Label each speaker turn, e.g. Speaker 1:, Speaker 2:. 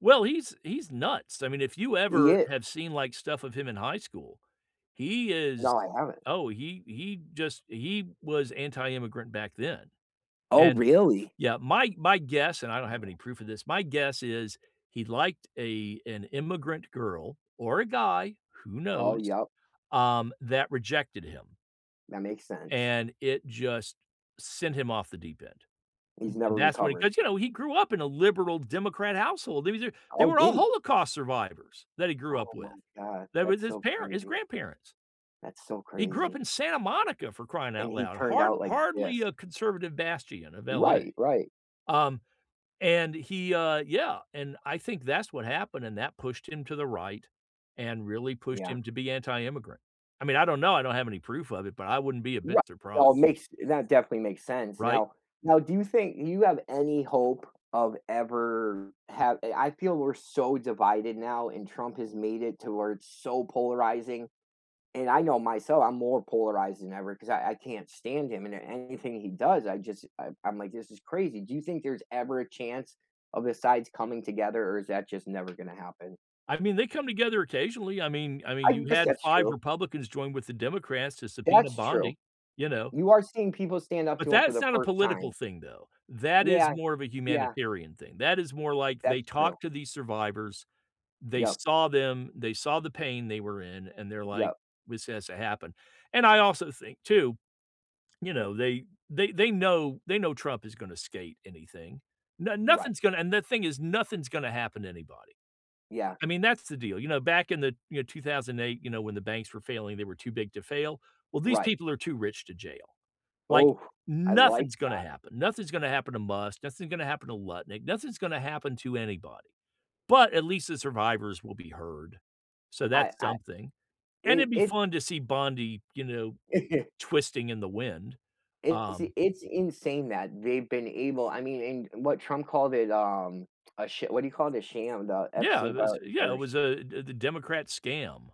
Speaker 1: Well, he's he's nuts. I mean, if you
Speaker 2: He
Speaker 1: ever,
Speaker 2: is.
Speaker 1: have seen, like, stuff of him in high school, he is
Speaker 2: No, I haven't.
Speaker 1: oh, he he just, he was anti immigrant back then.
Speaker 2: Oh,
Speaker 1: And
Speaker 2: really?
Speaker 1: yeah, my my guess- and I don't have any proof of this- my guess is, he liked a an immigrant girl- or a guy, who
Speaker 2: Oh,
Speaker 1: knows-
Speaker 2: yep.
Speaker 1: um, that rejected him
Speaker 2: That makes sense.
Speaker 1: and it just sent him off the deep end.
Speaker 2: He's never
Speaker 1: That's what it
Speaker 2: recovered.
Speaker 1: because, you know, he grew up in a liberal democrat household, they were they
Speaker 2: Oh,
Speaker 1: were
Speaker 2: did
Speaker 1: all
Speaker 2: he?
Speaker 1: holocaust survivors, that he grew up
Speaker 2: Oh
Speaker 1: with.
Speaker 2: my god.
Speaker 1: That was
Speaker 2: That's
Speaker 1: his
Speaker 2: so
Speaker 1: parent his
Speaker 2: crazy.
Speaker 1: grandparents.
Speaker 2: That's so
Speaker 1: He grew up
Speaker 2: crazy.
Speaker 1: in Santa Monica for crying
Speaker 2: And
Speaker 1: out
Speaker 2: he
Speaker 1: loud.
Speaker 2: turned
Speaker 1: Hard
Speaker 2: out like this.
Speaker 1: hardly a conservative bastion of LA.
Speaker 2: Right, right.
Speaker 1: Um, and he, uh yeah, and I think that's what happened, and that pushed him to the right, and really pushed
Speaker 2: Yeah.
Speaker 1: him to be anti-immigrant. I mean, I don't know. I don't have any proof of it, but I wouldn't be a
Speaker 2: Ri
Speaker 1: bit
Speaker 2: well, it
Speaker 1: surprised.
Speaker 2: makes that definitely makes sense.
Speaker 1: Right?
Speaker 2: Now now do you think you have any hope of ever have I feel we're so divided now, and Trump has made it to where it's so polarizing, and I know myself, I'm more polarized than ever because I I can't stand him, and anything he does, I just, I I'm like, "This is crazy." Do you think there's ever a chance, of the sides coming together, or is that just never gonna happen?
Speaker 1: I mean, they come together occasionally. I mean I mean,
Speaker 2: I
Speaker 1: you
Speaker 2: guess
Speaker 1: had
Speaker 2: that's
Speaker 1: 5
Speaker 2: true.
Speaker 1: Republicans join with the Democrats to subpoena
Speaker 2: That's true.
Speaker 1: Bondi. You know?
Speaker 2: You are seeing people stand up
Speaker 1: But
Speaker 2: to him for
Speaker 1: that's
Speaker 2: the
Speaker 1: not a
Speaker 2: 1st
Speaker 1: political
Speaker 2: time.
Speaker 1: thing, though. That is
Speaker 2: Yeah,
Speaker 1: more of a
Speaker 2: yeah.
Speaker 1: humanitarian thing. That is more like
Speaker 2: That's
Speaker 1: they
Speaker 2: true.
Speaker 1: talk to these survivors, they
Speaker 2: Yep.
Speaker 1: saw them, they saw the pain they were in, and they're like,
Speaker 2: Yep.
Speaker 1: "This has to happen," and I also think too, you know, they they they know they know Trump is gonna skate anything. No
Speaker 2: Right.
Speaker 1: nothing's gonna and the thing is, nothing's gonna happen to anybody. Uh,
Speaker 2: Yeah.
Speaker 1: I mean that's the deal. You know, back in the you know, 2008, you know, when the banks were failing, they were too big to fail. Well, these
Speaker 2: Right.
Speaker 1: people are too rich to jail. Like,
Speaker 2: Oh, I like
Speaker 1: nothing's gonna
Speaker 2: that.
Speaker 1: happen. Nothing's gonna happen to Musk, nothing's gonna happen to Lutnick, nothing's gonna happen to anybody, but at least the survivors will be heard. So
Speaker 2: I
Speaker 1: that's
Speaker 2: I
Speaker 1: something. And
Speaker 2: it
Speaker 1: it'd be
Speaker 2: it's
Speaker 1: fun to see Bondi, you know, twisting in the wind.
Speaker 2: It's
Speaker 1: Um
Speaker 2: it's insane that they've been able I mean and what Trump called it, um, a sha What do you call it? A sham. The
Speaker 1: Yeah it
Speaker 2: Epstein file
Speaker 1: was yeah it
Speaker 2: or sh
Speaker 1: was, uh, the the Democrat scam.